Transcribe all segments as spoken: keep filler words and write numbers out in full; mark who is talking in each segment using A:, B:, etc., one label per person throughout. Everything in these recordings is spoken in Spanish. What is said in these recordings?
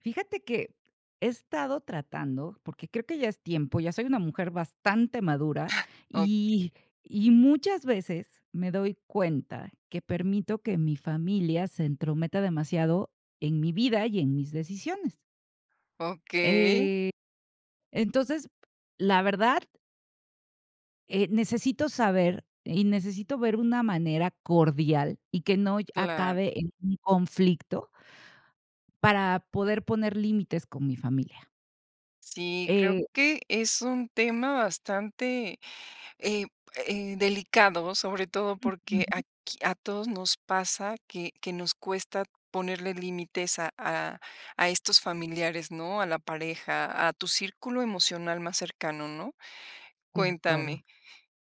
A: Fíjate que he estado tratando, porque creo que ya es tiempo, ya soy una mujer bastante madura,
B: Ah, okey.
A: y y muchas veces me doy cuenta que permito que mi familia se entrometa demasiado en mi vida y en mis decisiones.
B: Okey.
A: Eh, entonces, la verdad eh, necesito saber y necesito ver una manera cordial y que no lle
B: Claro.
A: acabe en un conflicto para poder poner límites con mi familia.
B: Sí, creo
A: Eh.
B: que es un tema bastante, eh eh, delicado, sobre todo porque,
A: Ujú.
B: aquí, a todos nos pasa que que nos cuesta ponerle límites a a a estos familiares, ¿no? A la pareja, a tu círculo emocional más cercano, ¿no?
A: De
B: Cuéntame,
A: acuerdo.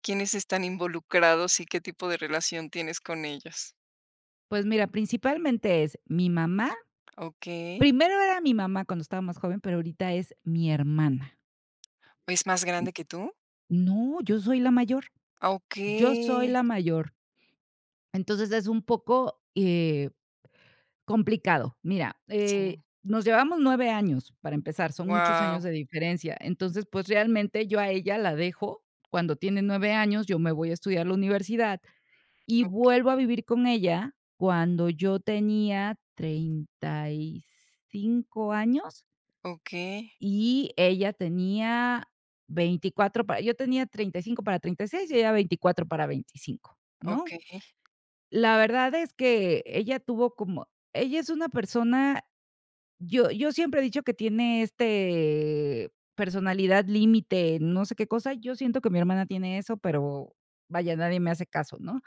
B: ¿Quiénes están involucrados y qué tipo de relación tienes con ellos?
A: Pues, mira, principalmente es mi mamá,
B: Okey.
A: primero era mi mamá cuando estaba más joven, pero ahorita es mi hermana.
B: ¿Es más grande que tú?
A: No, yo soy la mayor, yo soy
B: Okey.
A: la mayor. Entonces, es un poco, eh, complicado, mira, eh,
B: Sí.
A: nos llevamos nueve años para empezar, son muchos años
B: Guau.
A: de diferencia, entonces, pues, realmente, yo a ella la dejo cuando tiene nueve años, yo me voy a estudiar la universidad y
B: Okey.
A: vuelvo a vivir con ella cuando yo tenía treinta y cinco años.
B: Okey.
A: Y ella tenía veinticuatr para yo tenía treinta y cinco para treinta y seis y ella veinticuatro para veinticinco, ¿no?
B: Okey.
A: la verdad es que ella tuvo como ella es una persona, yo yo siempre he dicho que tiene, este, personalidad límite, no sé qué cosa, yo siento que mi hermana tiene eso, pero, vaya, nadie me hace caso, ¿no?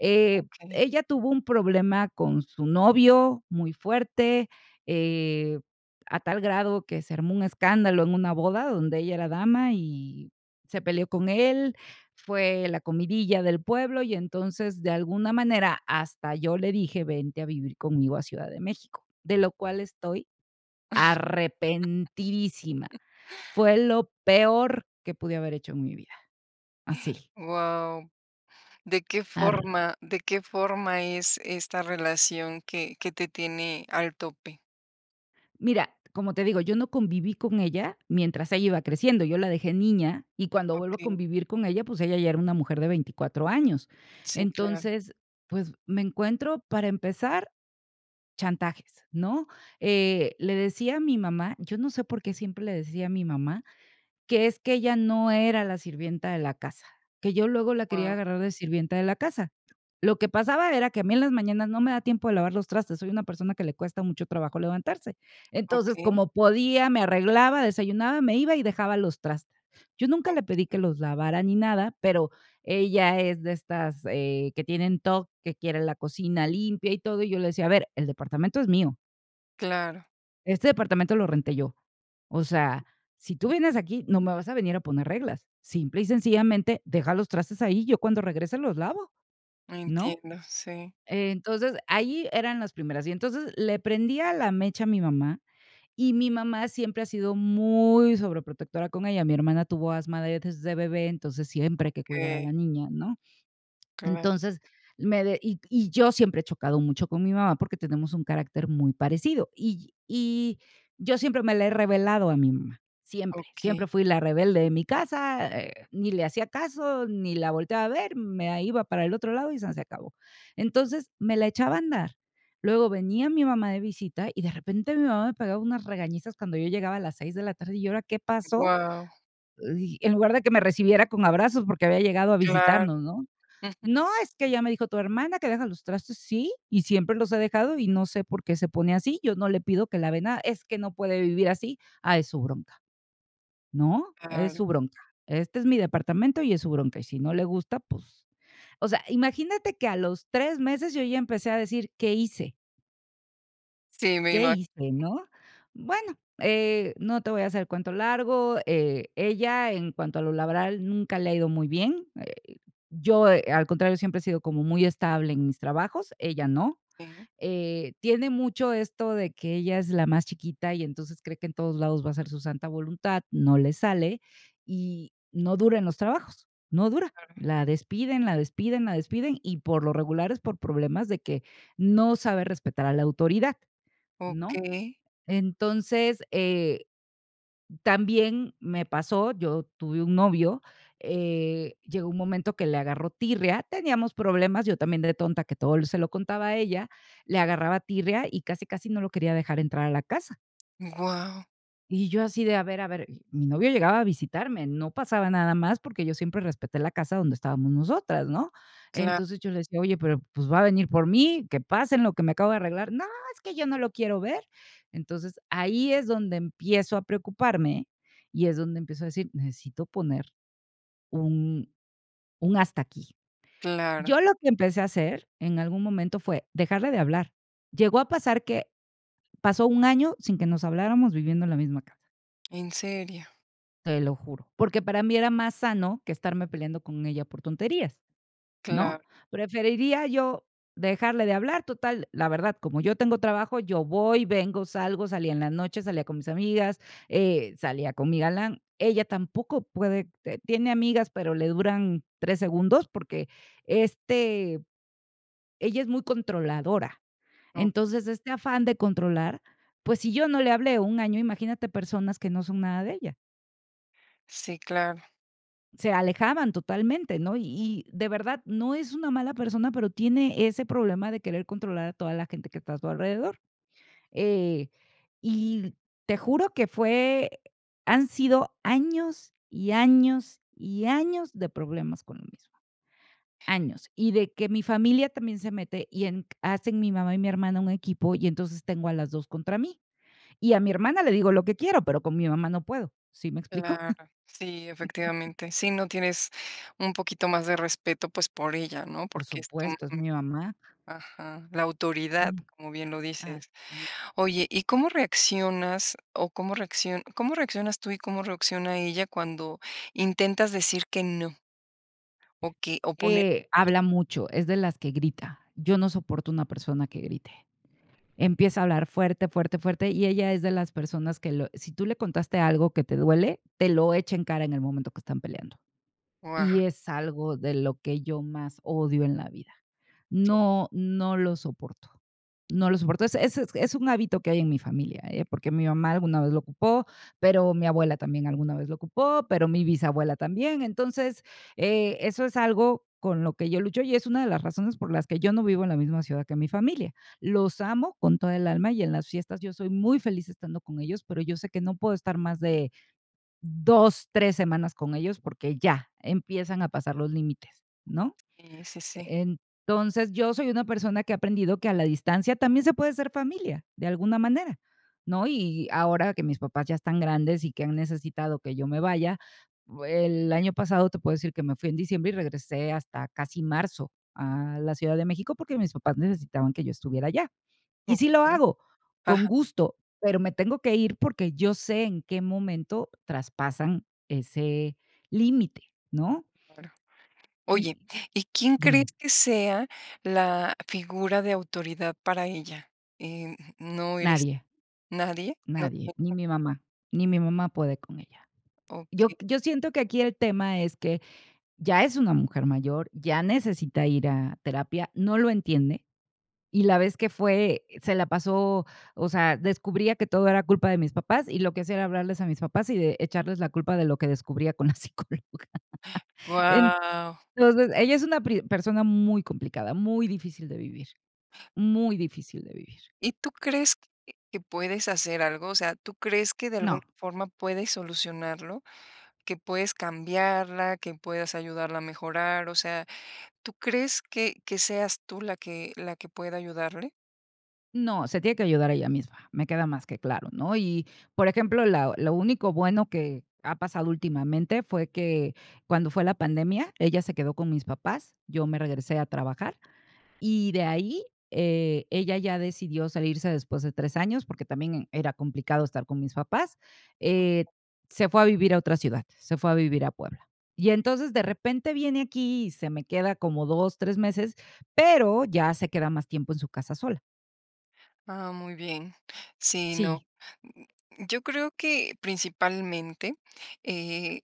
A: Eh,
B: Okey.
A: ella tuvo un problema con su novio muy fuerte, eh, a tal grado que se armó un escándalo en una boda donde ella era dama y se peleó con él, fue la comidilla del pueblo y, entonces, de alguna manera, hasta yo le dije, vente a vivir conmigo a Ciudad de México, de lo cual estoy arrepentidísima, fue lo peor que pude haber hecho en mi vida, así.
B: Guau. ¿De qué
A: Ar.
B: forma de qué forma es esta relación que que te tiene al tope?
A: Mira, como te digo, yo no conviví con ella mientras ella iba creciendo, yo la dejé niña, y cuando vuelvo a
B: Okey.
A: convivir con ella, pues, ella ya era una mujer de veinticuatro años.
B: Sí, claro.
A: Entonces, pues me encuentro, para empezar, chantajes, ¿no?, eh, le decía a mi mamá, yo no sé por qué siempre le decía a mi mamá que, es que ella no era la sirvienta de la casa, que yo luego la quería
B: Guau.
A: agarrar de sirvienta de la casa. Lo que pasaba era que a mí en las mañanas no me da tiempo de lavar los trastes, soy una persona que le cuesta mucho trabajo levantarse. Entonces,
B: Okey.
A: como podía, me arreglaba, desayunaba, me iba y dejaba los traste. Yo nunca le pedí que
B: Okey.
A: los lavara ni nada, pero ella es de estas, eh, que tienen TOC, que quiere la cocina limpia y todo, y yo le decía: A ver, el departamento es mío"
B: Claro.
A: "este departamento lo renté yo. O sea, si tú vienes aquí, no me vas a venir a poner reglas. Simple y sencillamente, deja los trastes ahí y yo, cuando regrese, los lavo, ¿no?".
B: Entiendo, sí.
A: Entonces, ahí eran las primeras. Y, entonces, le prendía la mecha a mi mamá, y mi mamá siempre ha sido muy sobreprotectora con ella. Mi hermana tuvo asma de desde bebé, entonces siempre hay que cuidar a la
B: Okey.
A: niña, ¿no?
B: Cla.
A: Entonces, me de y y yo siempre he chocado mucho con mi mamá porque tenemos un carácter muy parecido, y y y yo siempre me la he revelado a mi mamá, siempre, siempre
B: Okey.
A: fui la rebelde de mi casa, eh, ni le hacía caso ni la volteaba a ver, me a iba para el otro lado y sanseacabó. Entonces, me la echaba a andar, luego venía mi mamá de visita y, de repente, mi mamá me pegaba unas regañizas cuando yo llegaba a las seis de la tarde. "¿Y ahora qué pasó?",
B: Guau.
A: dij en lugar de que me recibiera con abrazos, porque había llegado a
B: Claro,
A: visitarnos, ¿no?
B: ujú.
A: "No, es que ya me dijo tu hermana que dejas los trastes". "Sí, y siempre los he dejado y no sé por qué se pone así, yo no le pido que lave nada". "Es que no puede vivir así". "Ah, es su bronca, ¿no?, es
B: Claro.
A: su bronca. Este es mi departamento y es su bronca, y si no le gusta, pues", o sea, imagínate que a los tres meses yo ya empecé a decir: "¿Qué hice?"
B: Sí, me
A: "¿qué
B: ima.
A: hice, no?". Bueno, eh, no te voy a hacer el cuento largo, eh, ella, en cuanto a lo laboral, nunca le ha ido muy bien, eh, yo, eh, al contrario, siempre he sido como muy estable en mis trabajos, ella no.
B: Sí.
A: Eh, tiene mucho esto de que ella es la más chiquita y, entonces, cree que en todos lados va a hacer su santa voluntad, no le sale y no dura en los trabajos, no dura.
B: Órale.
A: La despiden, la despiden, la despiden y, por lo regular, es por problemas de que no sabe respetar a la autoridad, ¿no?
B: Okey.
A: Entonces, eh, también me pasó, yo tuve un novio, eh, llegó un momento que le agarró tirria, teníamos problemas, yo también de tonta, que todo l se lo contaba a ella, le agarraba tirria y casi, casi no lo quería dejar entrar a la casa.
B: Guau.
A: Y yo así de: "A ver, a ver", y mi novio llegaba a visitarme, no pasaba nada más, porque yo siempre respeté la casa donde estábamos nosotras, ¿no?
B: Claro.
A: Entonces, yo le decía: "Oye, pero, pues, va a venir por mí, que pase en lo que me acabo de arreglar". "No, es que yo no lo quiero ver". Entonces, ahí es donde empiezo a preocuparme y es donde empiezo a decir: "Necesito poner un un hasta aquí".
B: Claro.
A: Yo lo que empecé a hacer, en algún momento, fue, dejarle de hablar. Llegó a pasar que, pasó un año sin que nos habláramos viviendo en la misma casa.
B: ¿En serio?
A: Te lo juro, porque para mí era más sano que estarme peleando con ella por tonterías,
B: Claro.
A: ¿no? Preferiría yo dejarle de hablar, total, la verdad, como yo tengo trabajo, yo voy, vengo, salgo, salía en la noche, salía con mis amigas, eh, salía con mi galán. Ella tampoco puede, eh tiene amigas, pero le duran tres segundos, porque, este, ella es muy controladora.
B: Okey.
A: Entonces, este afán de controlar p ues, si yo no le hablé un año, imagínate personas que no son nada de ella.
B: Sí, claro.
A: Se alejaban totalmente, ¿no? Y de verdad, no es una mala persona, pero tiene ese problema de querer controlar a toda la gente que está a su alrededor, eh, y l te juro que fue han sido años y años y años de problemas con lo mismo años. Y de que mi familia también se mete y en q hacen mi mamá y mi hermana un equipo y, entonces, tengo a las dos contra mí. Y a mi hermana le digo lo que quiero, pero con mi mamá no puedo, ¿sí me explico?
B: Claro. Sí, efectivamente. ¿Sí, no? Tienes un poquito más de respeto, pues, por ella, ¿no?
A: Por
B: Porque es tu mamá.
A: supuesto, es mi mamá.
B: Ajá, la autoridad, como bien lo dices.
A: Así, e
B: Oye, ¿y cómo reaccionas? O ¿cómo reacciona? ¿Cómo reaccionas tú y cómo reacciona ella cuando intentas decir que no? O qué o poner
A: Eh,
B: li
A: habla mucho, es de las que grita. Yo no soporto una persona que grite. Empieza a hablar fuerte, fuerte, fuerte, y ella es de las personas que lo si tú le contaste algo que te duele, te lo echa en cara en el momento que están peleando,
B: Guau.
A: y es algo de lo que yo más odio en la vida. No, no lo soporto, no lo soporto. Es es es un hábito que hay en mi familia, ¿eh?, porque mi mamá alguna vez lo ocupó, pero mi abuela también alguna vez lo ocupó, pero mi bisabuela también. Entonces, e eso es algo con lo que yo lucho y es una de las razones por las que yo no vivo en la misma ciudad que mi familia. Los amo con toda el alma y en las fiestas yo soy muy feliz estando con ellos, pero yo sé que no puedo estar más de dos, tres semanas con ellos, porque ya, empiezan a pasar los límites, ¿no?
B: Sí, sí, sí.
A: Entonces, yo soy una persona que he aprendido que, a la distancia, también se puede ser familia, de alguna manera, ¿no? Y ahora que mis papás ya están grandes y que han necesitado que yo me vaya, bue el año pasado te puedo decir que me fui en diciembre y regresé hasta casi marzo a la Ciudad de México, porque mis papás necesitaban que yo estuviera allá. Y sí lo
B: Okey.
A: hago, con
B: Ajá.
A: gusto, pero me tengo que ir porque, yo sé en qué momento traspasan ese límite, ¿no?
B: Claro. Oye,
A: Y
B: ¿y quién crees
A: dime.
B: que sea, la figura de autoridad para ella? Eh, no eres
A: Nadie.
B: ¿Nadie? No
A: Nadie, ni
B: [unintelligible]
A: mi mamá, ni mi mamá puede con ella. Yo
B: Okey.
A: q yo siento que aquí el tema es que ya es una mujer mayor, ya necesita ir a terapia, no lo entiende, y la vez que fue, eh, se la pasó o sea, descubría que todo era culpa de mis papás y lo que hacía era hablarles a mis papás y de echarles la culpa de lo que descubría con la psicóloga. En
B: Guau.
A: entonces ella es una pri persona muy complicada, muy difícil de vivir. Muy difícil de vivir.
B: ¿Y tú crees que que puedes hacer algo? O sea, ¿tú crees que de alguna
A: No.
B: forma puedes solucionarlo? ¿Que puedes cambiarla, que puedas ayudarla a mejorar? O sea, ¿tú crees que que seas tú, la que la que pueda ayudarle?
A: No, se tiene que ayudar ella misma, me queda más que claro, ¿no?, y, por ejemplo, la lo único bueno que ha pasado últimamente fue que, cuando fue la pandemia, ella se quedó con mis papás, yo me regresé a trabajar y de ahí, eh, ella ya decidió salirse después de tres años, porque también era complicado estar con mis papás, eh,
B: [unintelligible]
A: se fue a vivir a otra ciudad, se fue a vivir a Puebla, y entonces, de repente viene aquí y se me queda como dos, tres meses, pero ya se queda más tiempo en su casa sola.
B: Ah, muy bien. Sí, no.
A: Sí.
B: Yo creo que, principalmente, eh,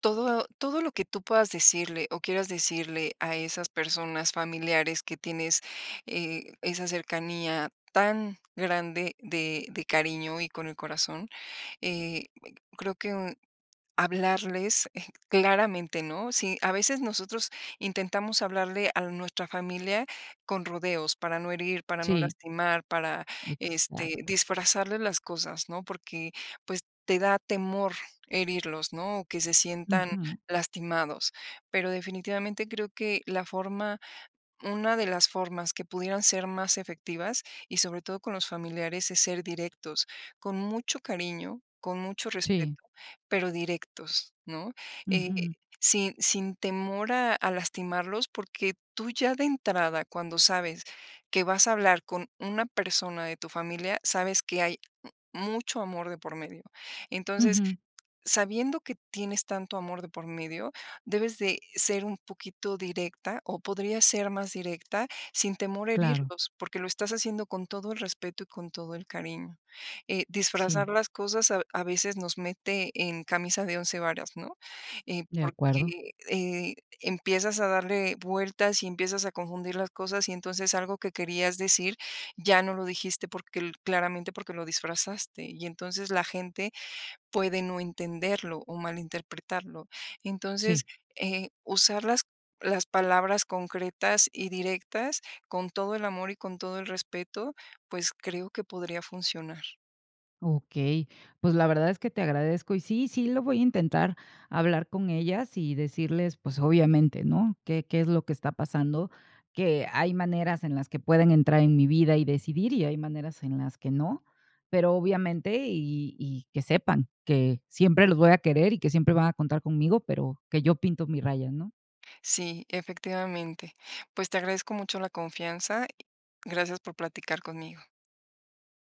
B: todo todo lo que tú puedas decirle o quieras decirle a esas personas familiares que tienes, eh, esa cercanía tan grande de de cariño y con el corazón, eh ,creo que hablarles, eh, claramente, ¿no?, sí, a veces nosotros intentamos hablarle a nuestra familia con rodeos, para no herir, para no
A: Sí.
B: lastimar, para, este,
A: Exacto.
B: disfrazarles las cosas, ¿no?, porque, pues, te da temor herirlos, ¿no?, o que se sientan
A: Ujú.
B: lastimados. Pero definitivamente creo que la forma una de las formas que pudieran ser más efectivas, y sobre todo con los familiares, es ser directos, con mucho cariño, con mucho respeto,
A: Sí.
B: pero directos, ¿no?, eh,
A: Ujú.
B: sin sin temor a a lastimarlos, porque tú ya de entrada, cuando sabes que vas a hablar con una persona de tu familia, sabes que hay m mucho amor de por medio, entonces,
A: Ujú.
B: sabiendo que tienes tanto amor de por medio, debes de ser un poquito directa o podrías ser más directa sin temor a
A: Claro.
B: herirlos, porque lo estás haciendo con todo el respeto y con todo el cariño, eh,
A: Sí.
B: disfrazar las cosas a v a veces nos mete en camisa de once varas, ¿no?, eh,
A: De acuerdo.
B: porque, eh, empiezas a darle vueltas y empiezas a confundir las cosas, y entonces algo que querías decir, ya no lo dijiste porque l claramente porque lo disfrazaste, y entonces la gente puede no entenderlo o malinterpretarlo. Entonces,
A: Sí.
B: eh, usar las las palabras concretas y directas con todo el amor y con todo el respeto, pues, creo que podría funcionar.
A: Okey, pues, la verdad es que te agradezco, y sí, sí lo voy a intentar, hablar con ellas y decirles, pues, obviamente, ¿no?, que qué es lo que está pasando, que hay maneras en las que pueden entrar en mi vida y decidir y hay maneras en las que no. Pero, obviamente y y que sepan que siempre los voy a querer y que siempre van a contar conmigo, pero que yo pinto mi raya, ¿no?
B: Sí, efectivamente. Pues, te agradezco mucho la confianza. Gracias por platicar conmigo.